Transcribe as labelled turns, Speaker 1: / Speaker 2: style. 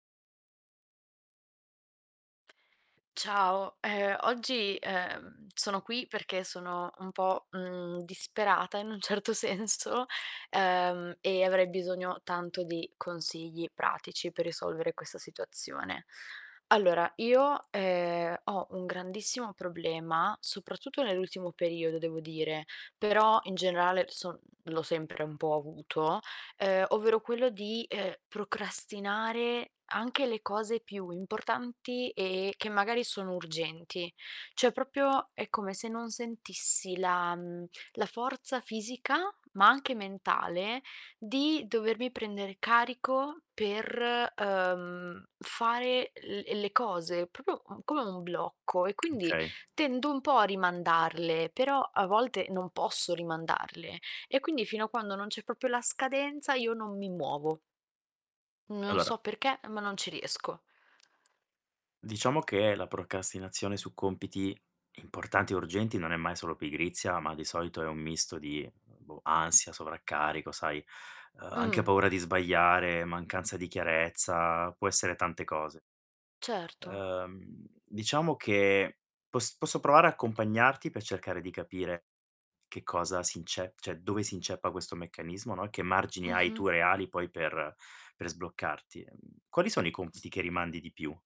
Speaker 1: Ciao, ehm, oggi, uhm, sono qui perché sono un po', mhmm, disperata in un certo senso uhm, e avrei bisogno tanto di consigli pratici per risolvere questa situazione. Allora, io, ehm, ho un grandissimo problema, soprattutto nell'ultimo periodo, devo dire, però in generale son mhmm, l'ho sempre un po' avuto, uhm, ovvero quello di, uhm, procrastinare anche le cose più importanti e che magari sono urgenti. Cioè, proprio è come se non sentissi la mhmm, la forza fisica, ma anche mentale, di dovermi prendere carico per, uhm, fare l ehm, le cose, proprio, mhmm, come un blocco, e quindi
Speaker 2: Okay.
Speaker 1: tendo un po' a rimandarle, però a volte non posso rimandarle, e quindi fino a quando non c'è proprio la scadenza io non mi muovo. Mhmm,
Speaker 2: E
Speaker 1: non so
Speaker 2: allora
Speaker 1: perché, ehm, ma non ci riesco.
Speaker 2: Diciamo che la procrastinazione su compiti importanti e urgenti non è mai solo pigrizia, ma di solito è un misto di, boh, ansia, sovraccarico, sai, uhm, anche
Speaker 1: Mh.
Speaker 2: paura di sbagliare, mancanza di chiarezza, può essere tante cose.
Speaker 1: Certo.
Speaker 2: Uhm, diciamo che pos posso provare a accompagnarti pe cercare di capire che cosa si ince cioè, dove si inceppa questo meccanismo, no, e che margini hai
Speaker 1: Mh-mh.
Speaker 2: tu reali poi per per sbloccarti. Mhmm, quali sono i
Speaker 1: Ecco.
Speaker 2: compiti che rimandi di più?